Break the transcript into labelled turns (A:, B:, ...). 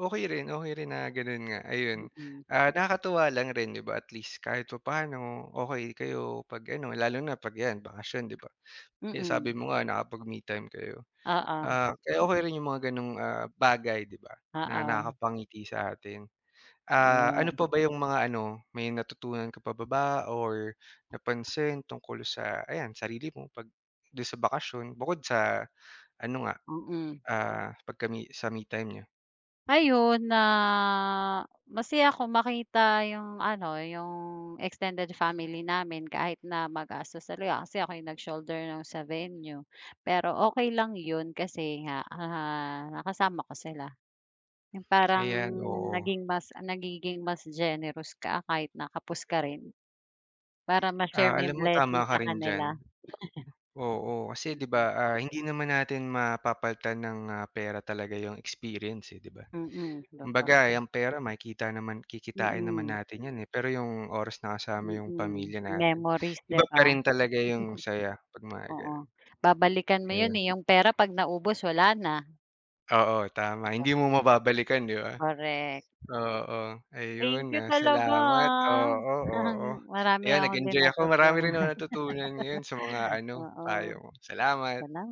A: Okey rin, okey rin na gano'n nga, ayun,
B: Mm.
A: ah, nakakatuwa lang rin, 'di ba, at least, kahit papa'no okey kayo. 'Pag ano, lalo na 'pag yan, 'pag bakasyon, 'di ba? Eh, sabi
B: Mm.
A: mo nga, nakapag-me time kayo,
B: Oo.
A: ah, kaya
B: Hmm.
A: okey rin 'yong mga gano'ng, ah, bagay, 'di ba, na
B: Oo.
A: nakakapangiti sa atin, ah, ano
B: Yes.
A: pa ba 'yong mga ano, may natutunan ka pa ba ba or napansin tungkol sa, ayan, sarili mo, 'pag do'n sa bakasyon, bukod sa ano nga,
B: Mm.
A: ah, 'pagka-me sa me time niyo?
B: Ayun, na, masaya ako makita yung ano, yung extended family namin, kahit na magastos talaga. Kasi ako yung nag-shoulder no'ng sa venue, pero okey lang 'yon kasi nga, ah, nakasama ko sila. Yung parang,
A: Ayan, oo.
B: naging mas nagigin, mas generous ka, kahit na kapos ka rin, para ma-share
A: Ah,
B: mo yung
A: alam mo,
B: blessing
A: tama ka
B: sa
A: rin diyan.
B: kanila.
A: Oo, kasi, 'di ba,
B: Mm.
A: ah, hindi naman natin mapapalitan ng, ah, pera talaga yung experience, eh, 'di ba?
B: Mm, totoo.
A: Kumbaga, eh, ang pera makikita naman kikitain naman
B: Mm.
A: natin yan, eh, pero yung oras na kasama yung
B: Mm,
A: pamilya natin,
B: memories, 'di
A: iba
B: ba?
A: pa rin talaga yung saya, 'pag mga
B: Oo,
A: gano'n.
B: babalikan mo 'yon
A: Ayun.
B: eh, yung pera 'pag naubos, wala na.
A: Oo, tama,
B: 'Di ba?
A: hindi mo mababalikan, 'di ba,
B: Korek.
A: oo.
B: Thank
A: Ayun,
B: you
A: ah,
B: talaga,
A: salamat
B: ah,
A: oo, oo.
B: marami
A: Ayun,
B: akong din
A: nag-enjoy ako, marami
B: natutuhan.
A: rin akong natutunan ngayon sa mga ano,
B: Oo,
A: payo mo, salamat.
B: salama